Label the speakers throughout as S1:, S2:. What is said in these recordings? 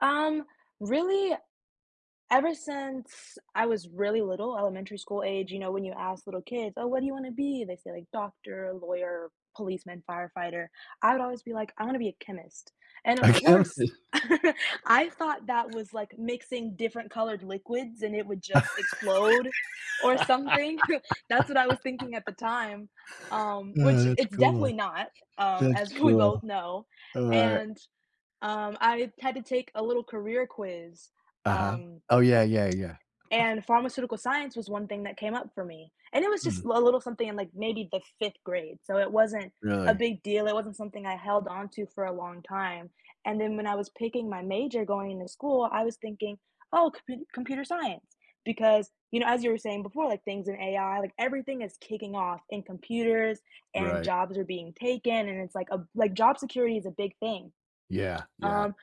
S1: Um, really? Ever since I was really little- elementary school age, you know, when you ask little kids, "Oh, what do you wanna be?" they say, like, "doctor, lawyer, policeman, firefighter"- I would always be like, "I wanna be a chemist," and, of
S2: I can't.
S1: course, I thought that was like mixing different colored liquids and it would just explode or something. That's what I was thinking at the time, um, which
S2: Ah, that's
S1: it's
S2: cool.
S1: definitely not, um,
S2: That's
S1: as we
S2: cool.
S1: both know,
S2: Alright.
S1: and, um, I had to take a little career quiz,
S2: Uh-huh.
S1: um,
S2: Oh, yeah, yeah, yeah.
S1: and pharmaceutical science was one thing that came up for me, and it was just
S2: Mm.
S1: l a little something in, like, maybe the 5th grade, so it wasn't a
S2: Really?
S1: big deal; it wasn't something I held onto for a long time, and then when I was picking my major going to school, I was thinking, "Oh, compu computer science," because, you know, as you were saying before, like, things in AI, like, everything is kicking off in computers, and
S2: Right.
S1: jobs are being taken, and it's like a b like job security is a big thing.
S2: Yeah, yeah.
S1: Um,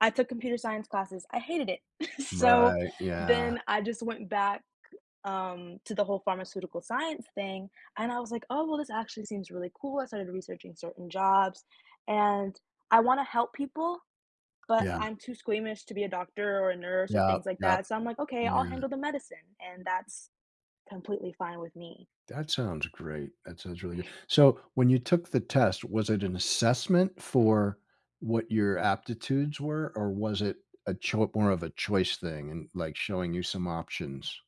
S1: I took computer science classes, I hated it; so,
S2: Right, yeah.
S1: then, I just went back, um, to the whole pharmaceutical science thing, and I was like, "Oh, well, this actually seems really cool," I started researching certain jobs, and I wanna help people, but
S2: Yeah.
S1: I'm too squeamish to be a doctor or a nurse or
S2: Yup,
S1: things like
S2: yup.
S1: that, so I'm like, "Okay, I'll
S2: Yeah.
S1: handle the medicine," and that's completely fine with me.
S2: That sounds great, that sounds really good. So, when you took the test, was it an assessment for what your aptitudes were, or was it a choi more of a choice thing and, like, showing you some options?